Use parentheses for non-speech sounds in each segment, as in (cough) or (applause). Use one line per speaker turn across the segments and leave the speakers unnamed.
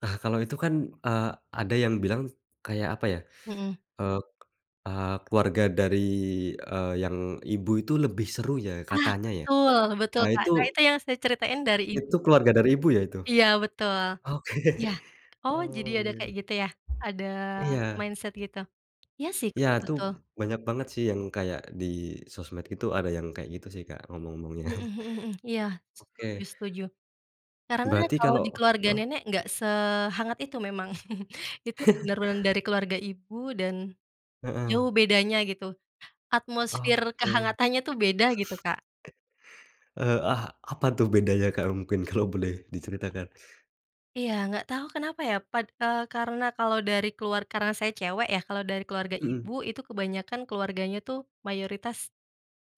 Nah kalau itu kan, eee, ada yang bilang kayak apa ya,
Mhm.
eee, a keluarga dari, eee, yang ibu itu lebih seru ya
Ah,
katanya ya,
betul betul
ah,
Kak,
itu
nah itu yang saya ceritain dari i
Itu keluarga dari ibu ya itu?
Iya betul,
Oke
iya oh jadi
oh
ada
iya,
kayak gitu ya? Ada
iya.
mindset gitu, iya sih
Iya
Kak,
itu
betul.
banyak banget sih yang kayak di sosmed itu ada yang kayak gitu sih Kak omong-omongnya.
Mhm
(chuckles)
mhm mhm, iya setuju
Oke.
setuju, karena
Berarti
kalau
kalau
di keluarga
heeh.
nenek gak sehangat itu memang (chuckles) itu
(chuckles)
bener-bener dari keluarga ibu dan, jauh
Heeh.
bedanya gitu. Atmosfer
Oke.
kehangatannya tuh beda gitu Kak.
Eee, ah, apa tuh bedanya Kak, mungkin kalo boleh diceritakan?
Iya gak tau kenapa ya pad eee, karena kalau dari keluar karena saya cewek ya kalau dari keluarga ibu
Mhm.
itu kebanyakan keluarganya tuh mayoritas,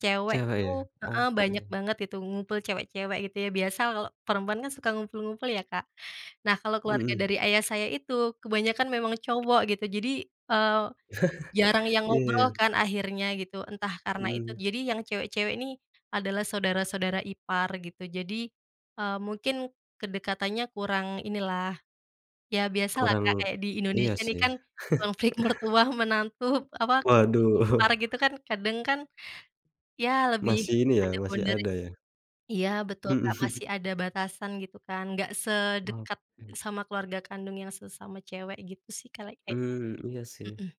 cewek
Cewe
tuh,
ya?
heeh, banyak
Oke.
banget gitu ngumpul cewek-cewek gitu ya biasa kalau perempuan kan suka ngumpul-ngumpul ya Kak, nah kalau keluarga
Mhm.
dari ayah saya itu kebanyakan memang cowok gitu jadi, eee, jarang
(chuckles)
yang ngobrol
Iya.
kan akhirnya gitu entah karena itu
Mhm.
jadi yang cewek-cewek ini, adalah saudara-saudara ipar gitu, jadi, eee, mungkin kedekatannya kurang inilah, ya biasalah
Kurang
Kak, kayak di
iya
Indonesia nih
sih.
kan,
(chuckles)
konflik mertua, menantu, apa konflik
Waduh.
ipar
(chuckles)
gitu kan kadang kan, ya lebih
Masih ini ya
ada
masih ada
boundaries
ya.
iya betul
Mhm.
Kak,
(chuckles)
masih ada batasan gitu kan, gak
Oke.
sedekat sama keluarga kandung yang sesama cewek gitu sih kali kayaknya,
Mmm, iya sih.
mhm.